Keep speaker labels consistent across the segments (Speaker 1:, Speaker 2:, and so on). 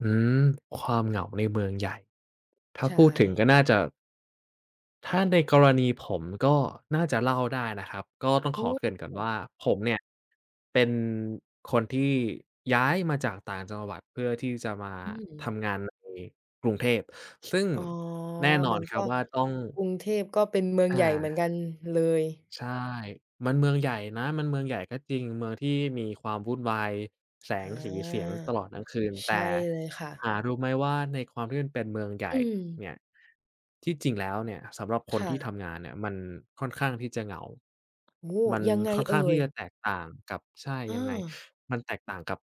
Speaker 1: อืม ความเหงาในเมืองใหญ่ ถ้า
Speaker 2: ใช
Speaker 1: พูดถึง
Speaker 2: ่
Speaker 1: ก็น่าจะ ถ้าในกรณีผม ก็น่าจะเล่าได้นะครับ ก็ต้อง
Speaker 2: โอ
Speaker 1: ขอ
Speaker 2: ้
Speaker 1: เกริ่นก่อ
Speaker 2: โ
Speaker 1: นว
Speaker 2: ฮ
Speaker 1: ่าผมเนี่ย เป็นคนที่ย้ายมาจากต่างจังหวัดเพื่อที่จะมา
Speaker 2: อื
Speaker 1: ท
Speaker 2: ม
Speaker 1: ำงานในกรุงเทพ ซึ่ง
Speaker 2: อ๋อ
Speaker 1: แน่นอ
Speaker 2: มั
Speaker 1: น
Speaker 2: น
Speaker 1: ค
Speaker 2: ก
Speaker 1: รั
Speaker 2: ็
Speaker 1: บว่า ต้อง
Speaker 2: กรุงเทพก็เป็นเมือง
Speaker 1: อ
Speaker 2: ใหญ่เหมือนกั
Speaker 1: า
Speaker 2: นเลย
Speaker 1: ใช่ มันเมืองใหญ่นะ มันเมืองใหญ่ก็จริง เมืองที่มีความวุ่นวายแส
Speaker 2: อ
Speaker 1: ง
Speaker 2: า
Speaker 1: สีเสียง ตลอดทั้งคืน
Speaker 2: ใช
Speaker 1: แต่
Speaker 2: ่เลยค่ะ
Speaker 1: หารู้ไม่ว่าในความที่มันเป็นเมืองใหญ่
Speaker 2: อื
Speaker 1: เน
Speaker 2: ม
Speaker 1: ี่ย ที่จริงแล้วเนี่ยสำหรับค
Speaker 2: ค
Speaker 1: น
Speaker 2: ่
Speaker 1: ที่ท
Speaker 2: ะ
Speaker 1: ำงานเนี่ยมันค่อนข้างที่จะเหงา
Speaker 2: โอ้!
Speaker 1: มัน
Speaker 2: ยังไง
Speaker 1: ค่อนข
Speaker 2: เอ
Speaker 1: ้าง
Speaker 2: ่
Speaker 1: ที่
Speaker 2: ย?
Speaker 1: จะแตกต่างกับ ใช่
Speaker 2: อ
Speaker 1: ยังไง
Speaker 2: า
Speaker 1: มันแตกต่างกับ...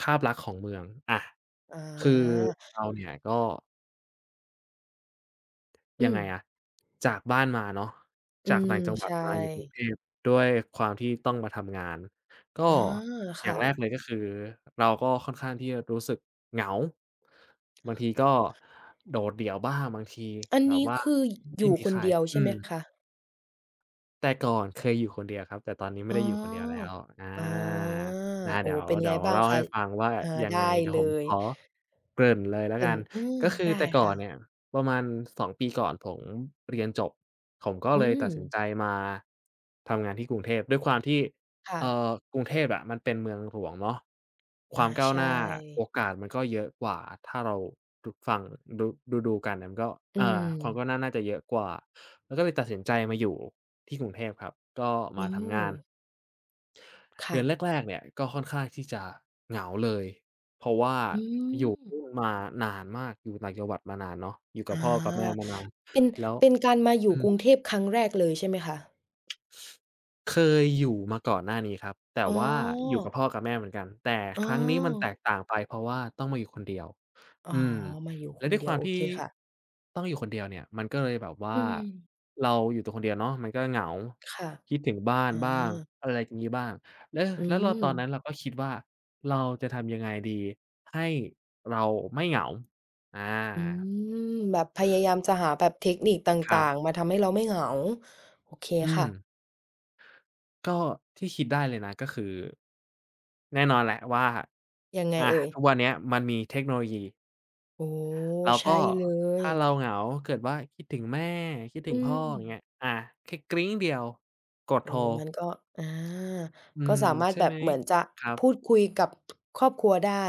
Speaker 1: ภาพลักษณ์ของเมือง อา
Speaker 2: อา
Speaker 1: คือเราเนี่ยก็
Speaker 2: อื
Speaker 1: ยังไง
Speaker 2: ม
Speaker 1: อะ จากบ้านมาเนาะ
Speaker 2: อื
Speaker 1: จาก
Speaker 2: ม
Speaker 1: ต่างจังหว
Speaker 2: ใ
Speaker 1: ั
Speaker 2: ช
Speaker 1: ด มาอยู่กรุง
Speaker 2: ่
Speaker 1: เทพ ด้วยความที่ต้องมาทำงาน ก็
Speaker 2: อ๋อ
Speaker 1: อ
Speaker 2: ค
Speaker 1: ย่า
Speaker 2: ่
Speaker 1: งแร
Speaker 2: ะ
Speaker 1: กเลยก็คือเราก็ค่อนข้างที่จะรู้สึกเหงา บางทีก็โดดเดี่ยวบ้าง บางที
Speaker 2: อัน
Speaker 1: แบ
Speaker 2: น
Speaker 1: บ
Speaker 2: ี้
Speaker 1: ว่า
Speaker 2: คือ
Speaker 1: ไม
Speaker 2: อย
Speaker 1: ่
Speaker 2: ู่
Speaker 1: มี
Speaker 2: ค
Speaker 1: ใค
Speaker 2: น
Speaker 1: ร
Speaker 2: เดียวใ
Speaker 1: อ
Speaker 2: ช
Speaker 1: ื
Speaker 2: ่ไหม
Speaker 1: ม
Speaker 2: คะ?
Speaker 1: แต่ก่อนเคยอยู่คนเดียวครับ แต่ตอนนี้ไ
Speaker 2: อ
Speaker 1: ม
Speaker 2: ๋
Speaker 1: ่
Speaker 2: อ
Speaker 1: ได้อยู่คนเดียวแล้ว อา
Speaker 2: อา
Speaker 1: นะ
Speaker 2: โอ
Speaker 1: เ
Speaker 2: ้
Speaker 1: ดี๋ยว
Speaker 2: เป็น
Speaker 1: เด
Speaker 2: ไ
Speaker 1: ี
Speaker 2: ง
Speaker 1: ๋ยว
Speaker 2: บ้า
Speaker 1: เ
Speaker 2: ง
Speaker 1: ล่า
Speaker 2: ค
Speaker 1: ใ
Speaker 2: ะ?
Speaker 1: ห้ฟังว่า
Speaker 2: อา
Speaker 1: ยั
Speaker 2: ได
Speaker 1: ง
Speaker 2: ้
Speaker 1: ไง เดี๋ย
Speaker 2: เล
Speaker 1: วผม
Speaker 2: ย
Speaker 1: ขอเกริ่นเลยแล
Speaker 2: เ
Speaker 1: ้
Speaker 2: ป
Speaker 1: ว
Speaker 2: ็
Speaker 1: ก
Speaker 2: น
Speaker 1: ัน
Speaker 2: อา
Speaker 1: ก็คื
Speaker 2: ได
Speaker 1: อ
Speaker 2: ้
Speaker 1: แต่ก
Speaker 2: ค
Speaker 1: ่อ
Speaker 2: ่
Speaker 1: น
Speaker 2: ะ
Speaker 1: เนี่ยประมาณ 2 ปีก่อน ผมเรียนจบ ผมก็
Speaker 2: อื
Speaker 1: เลยตัดสิน
Speaker 2: ม
Speaker 1: ใจมา ทำงานที่กรุงเทพ ด้วยความที่
Speaker 2: ค่
Speaker 1: เ
Speaker 2: ะ
Speaker 1: อ่อ กรุงเทพอะมันเป็นเมืองหลวงเนาะ ค
Speaker 2: อ
Speaker 1: วา
Speaker 2: า
Speaker 1: มก้า
Speaker 2: ใ
Speaker 1: ว
Speaker 2: ช
Speaker 1: หน
Speaker 2: ่
Speaker 1: ้า โอกาส มันก็เยอะกว่า ถ้าเราดู ฟัง ดู ดู ๆ กันเนี่ย มันก็
Speaker 2: อื
Speaker 1: อ่า ความก
Speaker 2: ม
Speaker 1: ้าวหน้าน่าจะเยอะกว่า ก็เลยตัดสินใจมาอยู่ที่กรุงเทพครับ ก็
Speaker 2: โอ
Speaker 1: ม
Speaker 2: ้
Speaker 1: าท
Speaker 2: โ
Speaker 1: ำงาน
Speaker 2: ฮ ค
Speaker 1: เดื
Speaker 2: ่
Speaker 1: อน
Speaker 2: ะ
Speaker 1: แรก ๆ เนี่ยก็ค่อนข้างที่จะเหงาเลย เพราะว่า
Speaker 2: อื
Speaker 1: อยู่เพ
Speaker 2: ม
Speaker 1: ิ่ง มานานมาก อยู่ต่างจังหวัดมานานเนาะ อยู่ก
Speaker 2: อ
Speaker 1: ับ
Speaker 2: า
Speaker 1: พ่อกับ แม่มานาน
Speaker 2: เป็น
Speaker 1: แล้ว
Speaker 2: เป็นการมาอยู
Speaker 1: อื
Speaker 2: ่กรุง
Speaker 1: ม
Speaker 2: เทพครั้งแรกเลยใช่ไหมคะ?
Speaker 1: เคยอยู่มาก่อนหน้านี้ครับ แต่
Speaker 2: อ๋อ
Speaker 1: ว่าอยู่กับพ่อกับแม่เหมือนกัน แต่
Speaker 2: อ๋อ
Speaker 1: ครั้งนี้มันแตกต่างไป เพราะว่าต้องมาอยู่คนเดียว
Speaker 2: อ
Speaker 1: อ
Speaker 2: ๋อ
Speaker 1: ืม
Speaker 2: มาอยู่
Speaker 1: แล
Speaker 2: ค
Speaker 1: ้ว
Speaker 2: น
Speaker 1: ด้ว
Speaker 2: เ
Speaker 1: ย
Speaker 2: ดี
Speaker 1: ค
Speaker 2: ย
Speaker 1: ว
Speaker 2: ว
Speaker 1: าม
Speaker 2: โอ
Speaker 1: ที
Speaker 2: เค
Speaker 1: ่
Speaker 2: ค่ะ
Speaker 1: ต้องอยู่คนเดียวเนี่ย มันก็เลยแบบว่
Speaker 2: อื
Speaker 1: า
Speaker 2: ม
Speaker 1: เราอยู่ตัวคนเดียวเนาะ มันก็เหงา
Speaker 2: ค่ะ
Speaker 1: คิดถึงบ้า
Speaker 2: อ
Speaker 1: น
Speaker 2: ๋
Speaker 1: บ้าง
Speaker 2: อ
Speaker 1: อะไรอย่างงี้บ้าง แล้ว
Speaker 2: อื
Speaker 1: แล้วเราตอนนั
Speaker 2: ม
Speaker 1: ้นเราก็คิดว่า "เราจะทำยังไงดีให้เราไม่เหงา?" อา
Speaker 2: อืม แบบพยายามจะหาแบบเทคนิคต
Speaker 1: คร
Speaker 2: ่
Speaker 1: ั
Speaker 2: า
Speaker 1: บ
Speaker 2: ง ๆ มาทำให้เราไม่เหงา โอเค
Speaker 1: อื
Speaker 2: ค่
Speaker 1: ม
Speaker 2: ะ
Speaker 1: ก็ที่คิดได้เลยนะ ก็คือ แน่นอนแหละว่า
Speaker 2: ยังไง
Speaker 1: อา
Speaker 2: เอ่ย?
Speaker 1: ทุกวันเนี้ยมันมีเทคโนโลยี
Speaker 2: อ๋อ
Speaker 1: เรา
Speaker 2: ใช
Speaker 1: ก็
Speaker 2: ่เล
Speaker 1: ถ
Speaker 2: ย
Speaker 1: ้าเราเหงาเกิดว่าคิดถึงแม่ คิดถึ
Speaker 2: อื
Speaker 1: งพ่ออย่างเ
Speaker 2: ม
Speaker 1: งี้ย อา แค่กริ๊งเดียว กดโ
Speaker 2: อ
Speaker 1: ท
Speaker 2: ๋อ
Speaker 1: ร
Speaker 2: มันก็ อา
Speaker 1: อื
Speaker 2: ก็
Speaker 1: ม
Speaker 2: สามาร
Speaker 1: ใช
Speaker 2: ถ
Speaker 1: ่
Speaker 2: แบ
Speaker 1: ไห
Speaker 2: บ
Speaker 1: ม
Speaker 2: เหมือนจะ
Speaker 1: ครั
Speaker 2: พ
Speaker 1: บ
Speaker 2: ูดคุยกับ ครอบครัวได้